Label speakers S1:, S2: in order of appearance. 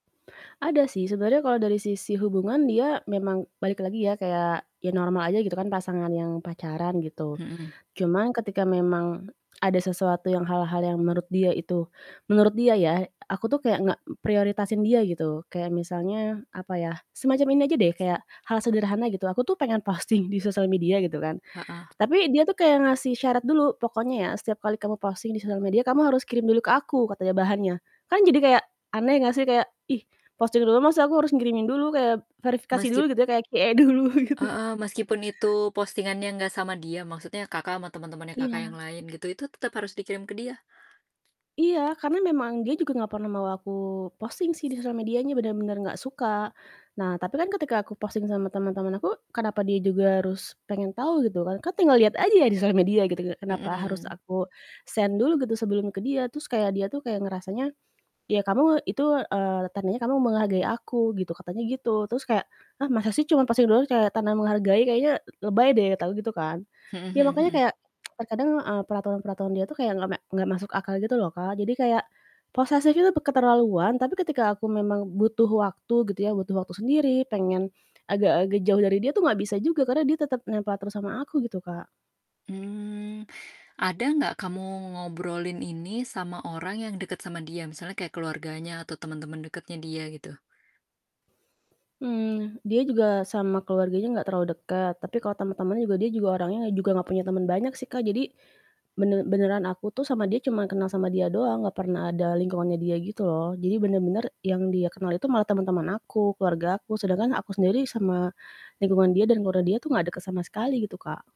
S1: Ada sih sebenernya kalau dari sisi hubungan dia memang balik lagi ya, kayak ya normal aja gitu kan, pasangan yang pacaran gitu.
S2: Mhm.
S1: Cuman ketika memang ada sesuatu yang hal-hal yang menurut dia itu menurut dia ya, aku tuh kayak enggak prioritasin dia gitu kayak misalnya apa ya, semacam ini aja deh, kayak hal sederhana gitu, aku tuh pengen posting di sosial media gitu kan,
S2: Heeh.
S1: tapi dia tuh kayak ngasih syarat dulu, "Pokoknya ya setiap kali kamu posting di sosial media kamu harus kirim dulu ke aku," katanya bahannya. Kan jadi kayak aneh gak sih kayak, ih posting dulu maksudnya aku harus ngirimin dulu kayak verifikasi dulu
S2: Meskip
S1: gitu kayak QA dulu gitu.
S2: Heeh, meskipun itu postingannya enggak sama dia, maksudnya Kakak sama teman-temannya Kakak
S1: Iya.
S2: yang lain gitu itu tetap harus dikirim ke dia?
S1: Iya, karena memang dia juga nggak pernah mau aku posting sih di sosial medianya bener-bener nggak suka. Nah tapi kan ketika aku posting sama teman-teman aku, kenapa dia juga harus pengen tahu gitu kan. Kan tinggal liat aja ya di sosial media gitu kan, kenapa harus
S2: Mhm.
S1: aku send dulu gitu sebelum ke dia. Terus kayak dia tuh kayak ngerasanya, "Ya kamu itu, eee, tandanya kamu menghargai aku gitu," katanya gitu. Terus kayak, "Hah, masa sih cuman posting doang kayak tanda menghargai kayaknya l lebay deh," kata aku gitu kan.
S2: Mhm
S1: Ya
S2: mhm
S1: makanya
S2: mhm.
S1: kayak, terkadang, eee, peraturan-peraturan dia tuh kayak nggak mek nggak masuk akal gitu loh Kak. Jadi kayak posesif itu keterlaluan, tapi ketika aku memang butuh waktu gitu ya, butuh waktu sendiri, pengen agak agak jauh dari dia tuh nggak bisa juga karena dia tetep nempel terus sama aku gitu Kak.
S2: Mmm, ada gak kamu ngobrolin ini sama orang yang deket sama dia misalnya kayak keluarganya atau temen-temen dekatnya dia gitu?
S1: Mmm, dia juga sama keluarganya gak terlalu deket, tapi kalau temen-temen juga dia juga orangnya juga gak punya temen banyak sih Kak, jadi bener beneran aku tuh sama dia cuman kenal sama dia doang, gak pernah ada lingkungannya dia gitu loh. Jadi bener-bener yang dia kenal itu malah temen-temen aku, keluargaku sedangkan aku sendiri sama lingkungan dia dan keluarga dia tuh gak deket sama sekali gitu Kak.